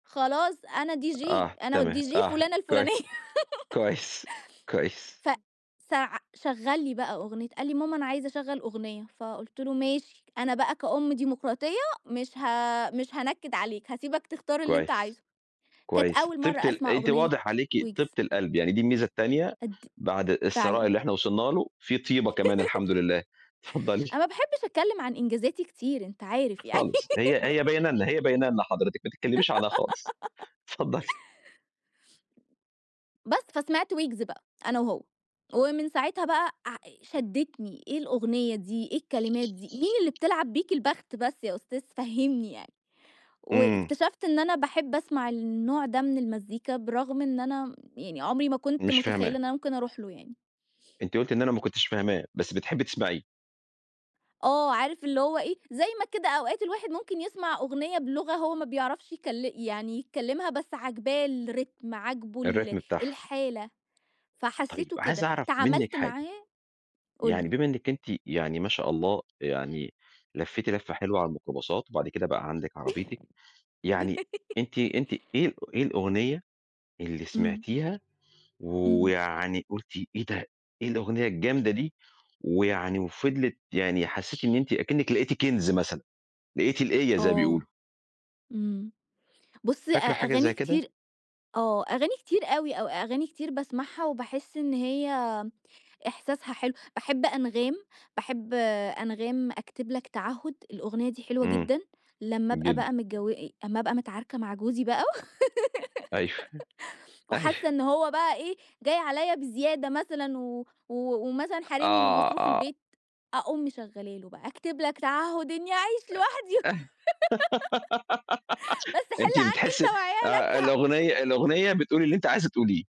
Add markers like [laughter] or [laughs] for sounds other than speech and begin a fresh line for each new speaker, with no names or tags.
خلاص أنا DJ،
آه،
أنا
تمام.
والDJ
آه
فُلانة الفُلانية.
كويس.
[laughs]
كويس. كويس.
ف سع شغّل لي بقى أغنية. قال لي: "ماما أنا عايز أشّغل أغنية." فقُلت له: "ماشي، أنا بقى كأُم ديموقراطية مش ه مش هانكّد عليك، هاسيبك تختار اللي أنت
كويس.
عايزه." كانت
كويس.
أول
طِيبة
مرّة
ال
أسمع
أنتِ
أغنية
واضح عليكِ طِيبة
ويجز.
القلب، يعني دي الميزة التانية
أد
بعد الثراء
فعلًا.
اللي إحنا وصلنا له، في طِيبة كمان
[laughs]
الحمد لله، اتفضّلي.
أنا ما باحبّش أتكلّم عن إنجازاتي كتير، أنت عارف يعني.
خالص. هي هي بيانm
[laughs]
لنا، هي باينه لنا حضرتِك، ما تتكلّميش عنها خالص.
[laughs]
اتفضّلي.
بس، فسمعت ويجز بقى أنا وهو. ومن ساعتها بقى ع شدِّتني، إيه الأغنية دي، إيه الكلمات دي، مين اللي بتلعب بيك البخت بس يا أستاذ فهمني يعني؟
إمم.
واكتشفت إن أنا باحب أسمع النوع ده من المزيكا برغم إن أنا يعني عُمري ما كنت
مش
مُتخيّلة
فاهماه.
إن أنا ممكن أروح له يعني.
أنتِ قُلتِ إن أنا ما كنتش فاهماه، بس بتحبّي تسمعيه.
آه. عارف اللي هو إيه، زي ما كده أوقات الواحد ممكن يسمع أغنية بِلُغة هو ما بيعرفش يكل يعني يتكلّمها بس عجباه الريتم، عاجبه ال
الريتم بتاعها.
الحالة،
طيب،
فحسّيته
عايز
كده،
أعرف منِّك
تعاملت
حاجة.
معاه قُل لي.
يعني بما إنِّك أنتِ يعني ما شاء الله يعني لفّيتِ لَفّة حلوة على الميكروباصات وبعد كده بقى عندِك عربيتِك، يعني أنتِ
[laughs]
أنتِ إيه إيه الأغنية اللي
إمم.
سمعتيها
إمم.
ويعني قُلتِ إيه ده، إيه الأغنية الجامدة دي؟ ويعني وفضْلِت يعني حسّيتي إن أنتِ كإنِّك لقيتِ كَنز مثلًا، لقيتِ القيّة زي ما
آه.
بيقولوا.
إمم. بُص، أ
فاكرة حاجة
أغاني
زي كده؟
كتير آه. أغاني كتير أوي أو أغاني كتير باسمعها وباحِس إن هي إحساسها حلو. باحب أنغام، باحب أنغام أكتب لك تَعهُّد، الأغنية دي حلوة
إمم.
جدًا، لمّا أبقى بقى
جدًا.
متجو أمّا أبقى متعاركة مع جوزي بقى
أيوه.
[laughs] وحاسّة
أيوه.
إن هو بقى إيه، جاي عليّا بزيادة مثلًا و و ومثلًا حارمني من
آه.
مصروف
آه.
البيت، أقوم مشغّله له بقى، أكتب لك تَعهُّد إنّي أعيش
آآ
لوحدي.
اه [laughs]
[laughs] بس حِل
أنتِ
عنّي أنت
بتحسّي
وعيالك
آه،
هأ
الأغنية الأغنية بتقول اللي أنتِ عايزة تقوليه.